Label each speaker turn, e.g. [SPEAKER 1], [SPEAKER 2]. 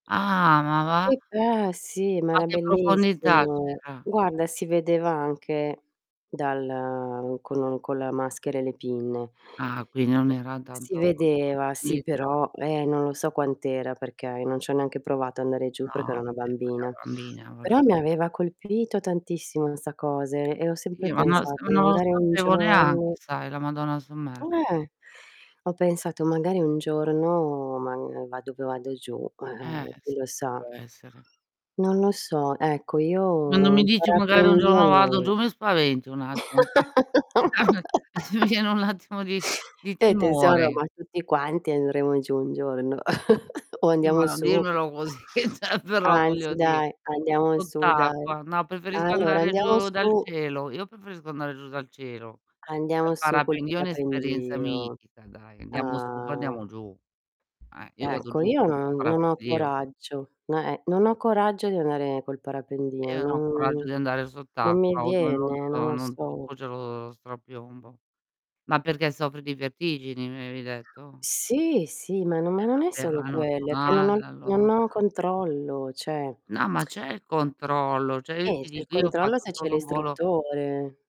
[SPEAKER 1] Ah, ma va?
[SPEAKER 2] Che pe sì, ma
[SPEAKER 1] A
[SPEAKER 2] era
[SPEAKER 1] che profondità
[SPEAKER 2] bellissimo.
[SPEAKER 1] c'era?
[SPEAKER 2] Guarda, si vedeva anche dal con un con la maschera e le pinne.
[SPEAKER 1] Ah, qui non era
[SPEAKER 2] Si
[SPEAKER 1] tanto
[SPEAKER 2] vedeva, sì,
[SPEAKER 1] profondità.
[SPEAKER 2] però eh, non lo so quant'era perché io non c'ho neanche provato a andare giù
[SPEAKER 1] No,
[SPEAKER 2] perché ero una
[SPEAKER 1] vabbè, ma da
[SPEAKER 2] bambina.
[SPEAKER 1] bambina, voglio
[SPEAKER 2] Però mi
[SPEAKER 1] dire.
[SPEAKER 2] aveva colpito tantissimo 'sta cose e ho
[SPEAKER 1] Chi
[SPEAKER 2] sempre
[SPEAKER 1] ma non lo s o
[SPEAKER 2] pensato:
[SPEAKER 1] no
[SPEAKER 2] "Magari un
[SPEAKER 1] sapevo neanche,
[SPEAKER 2] giorno"
[SPEAKER 1] sai, la Madonna sommersa.
[SPEAKER 2] Eh. Ho pensato: "Magari un giorno mag vado poi vado giù,
[SPEAKER 1] Eh,
[SPEAKER 2] eh, chi
[SPEAKER 1] sì,
[SPEAKER 2] lo sa."
[SPEAKER 1] può essere.
[SPEAKER 2] Non lo so, ecco,
[SPEAKER 1] Ma non
[SPEAKER 2] io
[SPEAKER 1] mi
[SPEAKER 2] il
[SPEAKER 1] dici: "Magari un
[SPEAKER 2] parapendio
[SPEAKER 1] giorno vado
[SPEAKER 2] no.
[SPEAKER 1] giù," mi spaventi un attimo mi viene un attimo di di
[SPEAKER 2] Eh tesoro,
[SPEAKER 1] timore.
[SPEAKER 2] ma tutti quanti andremo giù un giorno, o
[SPEAKER 1] Sì, ma
[SPEAKER 2] andiamo
[SPEAKER 1] non
[SPEAKER 2] su.
[SPEAKER 1] dirmelo così, cioè però, voglio
[SPEAKER 2] Anzi,
[SPEAKER 1] di
[SPEAKER 2] dai, andiamo su, dai.
[SPEAKER 1] sott'acqua. No, preferisco
[SPEAKER 2] Allora
[SPEAKER 1] andare
[SPEAKER 2] andiamo
[SPEAKER 1] giù dal
[SPEAKER 2] su
[SPEAKER 1] cielo. Io preferisco andare giù dal cielo, pe
[SPEAKER 2] andiamo su col
[SPEAKER 1] parapendio è un'esperienza
[SPEAKER 2] parapendio.
[SPEAKER 1] mitica, dai, andiamo su, poi
[SPEAKER 2] Ah.
[SPEAKER 1] andiamo giù. Eh. Io vado
[SPEAKER 2] Ecco,
[SPEAKER 1] giù
[SPEAKER 2] io
[SPEAKER 1] col
[SPEAKER 2] non non ho
[SPEAKER 1] parapendio.
[SPEAKER 2] coraggio. No, eh non ho coraggio di andare col
[SPEAKER 1] Io
[SPEAKER 2] parapendio,
[SPEAKER 1] non ho coraggio
[SPEAKER 2] non
[SPEAKER 1] di andare
[SPEAKER 2] non mi
[SPEAKER 1] sott'acqua, o dove non
[SPEAKER 2] viene, non
[SPEAKER 1] to
[SPEAKER 2] lo
[SPEAKER 1] non
[SPEAKER 2] so.
[SPEAKER 1] tocco, c'è lo strapiombo. Ma perché soffri di vertigini, mi avevi detto?
[SPEAKER 2] Sì, sì, ma no ma
[SPEAKER 1] Eh
[SPEAKER 2] non è
[SPEAKER 1] vabbè,
[SPEAKER 2] solo
[SPEAKER 1] ma è
[SPEAKER 2] quello, è che non ho
[SPEAKER 1] normale
[SPEAKER 2] il
[SPEAKER 1] allora.
[SPEAKER 2] non ho controllo, cioè.
[SPEAKER 1] No, ma c'è il controllo. Cioè, io
[SPEAKER 2] Eh,
[SPEAKER 1] ti
[SPEAKER 2] c'è il
[SPEAKER 1] dico, io ho
[SPEAKER 2] controllo
[SPEAKER 1] fatto
[SPEAKER 2] se c'è
[SPEAKER 1] solo 1 volo
[SPEAKER 2] l'istruttore.